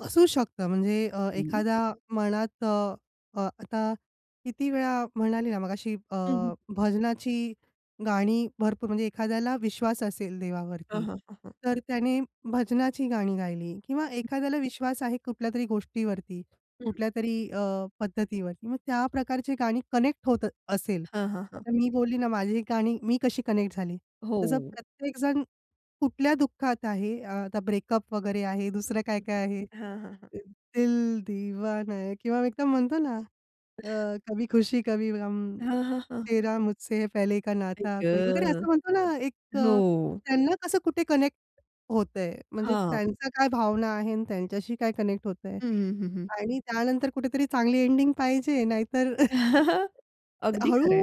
असू शकतं. म्हणजे अ, हं. एखादा मनात अ, अ, आता किती वेळा म्हणाली ना मगाशी अ, [unintelligible] भजनाची गाणी भरपूर म्हणजे एखाद्याला विश्वास असेल हां, देवावरती, हां, हां, हां. तर त्याने भजनाची गाणी गायली किंवा एखाद्याला विश्वास आहे कुठल्यातरी गोष्टीवरती हं. कुठल्यातरी अ, पद्धतीवरती, मग त्या प्रकारची गाणी कनेक्ट होत असेल. हां, हां, हां. आता मी बोलली ना माझी गाणी मी कशी कनेक्ट झाली. तसं हो. प्रत्येकजण कुठल्या दुःखात आहे, आ आता ब्रेकअप वगैरे आहे, दुसरं [unintelligible] काय-काय आहे. हां, हां, हां. दिल दीवान आहे किंवा एकदम म्हणतो ना अ कभी खुशी कवी गम, हां, हां, हां. तेरा मुझसे पहले का आई नाता वगैरे ग! असं म्हणतो ना एक अ, हो. त्यांना कसं कुठे कनेक्ट होतंय, म्हणजे हां. त्यांचा काय भावना आहे आणि त्यांच्याशी काय कनेक्ट होतंय हं, हं, हं, हं. आणि त्यानंतर कुठेतरी चांगली एंडिंग पाहिजे. नाहीतर अगदी खरंय.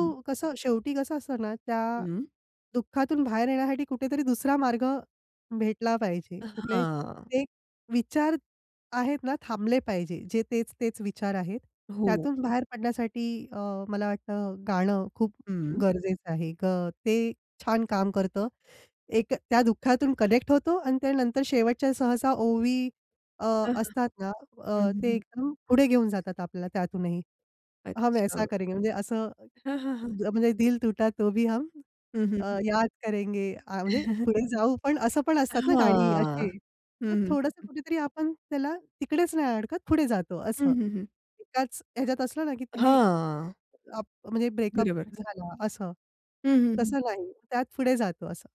हं. कसं शेवटी कसं असतं ना त्या हं. दुःखातून बाहेर येण्यासाठी कुठेतरी दुसरा मार्ग भेटला पाहिजे. कुठले हां. ते विचार आहेत ना थांबले पाहिजे. जे तेच तेच विचार आहेत. हो. त्यातून बाहेर पडण्यासाठी अ, मला वाटतं गाणं खूप हं. गरजेचं आहे. ग ते छान काम करतं. एक त्या दुःखातून कनेक्ट होतो आणि त्यानंतर शेवटच्या सहसा ओवी अ अ, हं, असतात ना, हं, अ, ते हं. एकदम पुढे घेऊन जातात आपल्याला त्यातूनही. हम ऐसा अच्छा. करेंगे म्हणजे असं हां, हां, हां. म्हणजे दिल टूटा तो भी हम हं, हं, अ, हं. याद करेंगे. अ म्हणजे पुढे जाऊ पण असं पण असतात ना गाणी हां. अशी मग हं, थोडंसं हं. कुठेतरी आपण त्याला तिकडेच नाही अडकत पुढे जातो हं, असं. हं, हं. एकाच ह्याच्यात असलं ना, की तिने हां. अप म्हणजे ब्रेकअप बरोबर. झाला असं. हं, हं, हं. तसं नाही त्यात पुढे जातो असं.